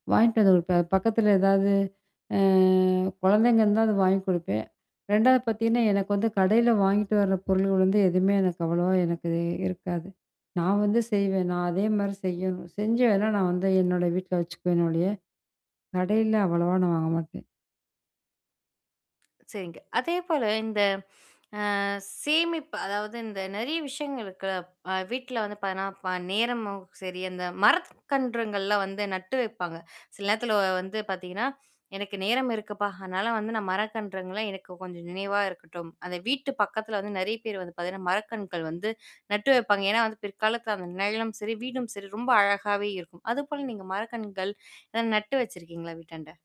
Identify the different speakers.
Speaker 1: வாங்கிட்டு வந்த வப்பேன். பக்கத்துல ஏதாவது அ குழந்தைங்க இருந்தா, அது வாங்கி குடுப்பேன். 2வது பார்த்தீங்கன்னா, எனக்கு வந்து கடையில வாங்கிட்டு வர பொருள்கள் வந்து எதுவுமே எனக்கு அவ்வளவா எனக்கு இருக்காது. நான் வந்து செய்வேன். நான் அதே மாரி செய்யணும். செஞ்சு வேண்ணா நான் வந்து என்னோட வீட்ல வச்சுக்குவேன் என்னோடயே. கடையில அவ்வளவா நான் வாங்க மாட்டேன்.
Speaker 2: சரிங்க. அதே போல இந்த அ சேமிப்பு அதாவது இந்த நெறைய விஷயங்கள் இருக்குல்ல. அ வீட்ல வந்து பார்த்தீங்கன்னா, இப்ப நேரமும் சரி அந்த மரக்கன்றுங்கள்லாம் வந்து நட்டு வைப்பாங்க. சில நேரத்துல வ வந்து பார்த்தீங்கன்னா, எனக்கு நேரம் இருக்குப்பா. அதனால வந்து நான் மரக்கன்றுங்கள்லாம் எனக்கு கொஞ்சம் நினைவா இருக்கட்டும். அதை வீட்டு பக்கத்துல வந்து நெறைய பேர் வந்து பார்த்தீங்கன்னா, மரக்கன்னுகள் வந்து நட்டு வைப்பாங்க. ஏன்னா வந்து, பிற்காலத்துல அந்த நிழலும் சரி, வீடும் சரி ரொம்ப அழகாவே இருக்கும். அது போல நீங்க மரக்கன்றுகள் ஏதாவது நட்டு வச்சுருக்கீங்களா? வீட்டாண்ட.